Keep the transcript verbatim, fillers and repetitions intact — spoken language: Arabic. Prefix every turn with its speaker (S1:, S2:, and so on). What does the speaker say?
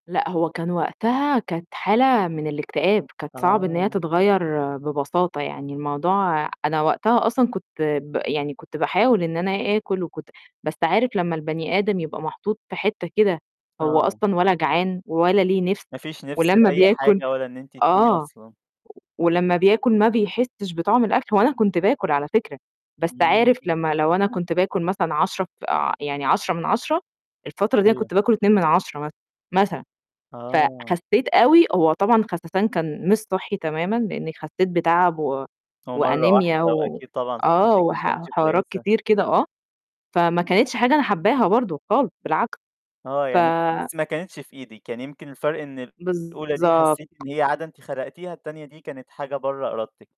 S1: لأ هو كان وقتها كانت حالة من الاكتئاب، كانت صعب إن هي
S2: آه.
S1: تتغيّر ببساطة يعني، الموضوع أنا وقتها أصلًا كنت ب يعني كنت باحاول إن أنا آكُل وكنت بس عارف لمّا البَني آدم يبقى محطوط في حتّه كده هو
S2: آه.
S1: أصلًا ولا جعان ولا ليه نِفْس
S2: ما فيش نِفس
S1: ولمّا
S2: لأي
S1: بياكل
S2: حاجة، ولا إن أنتِ تقومي
S1: آه،
S2: أصلًا.
S1: ولمّا بياكل ما بيحسّش بطعم الأكل، وأنا كنت باكل على فكرة، بس عارف
S2: إمم.
S1: لمّا لو أنا كنت باكل مثلًا عشرة ف يعني عشرة من عشرة الفترة دي أنا
S2: أيوه.
S1: كنت باكل اتنين من عشرة مثلًا، مثلًا
S2: آه.
S1: فخسّيت أوي هو طبعًا خسسان كان مش صحّي تمامًا لإني خسّيت بتعب و
S2: هو مَرّة واحدة،
S1: وأنيميا و
S2: وأكيد طبعًا
S1: آه،
S2: صحتِك ما
S1: وح
S2: كانتش
S1: وحوارات
S2: كويسة.
S1: كتير كده آه، فما كانتش حاجة أنا حاباها برضه خالص بالعكس،
S2: آه،
S1: ف
S2: يعني بس ما كانتش في إيدِك، يعني يمكن الفرق إن الأولى دي حسّيتِ
S1: بالضبط.
S2: إن هي عادة أنت خلقتيها، التانية دي كانت حاجة بَرّه إرادتِك.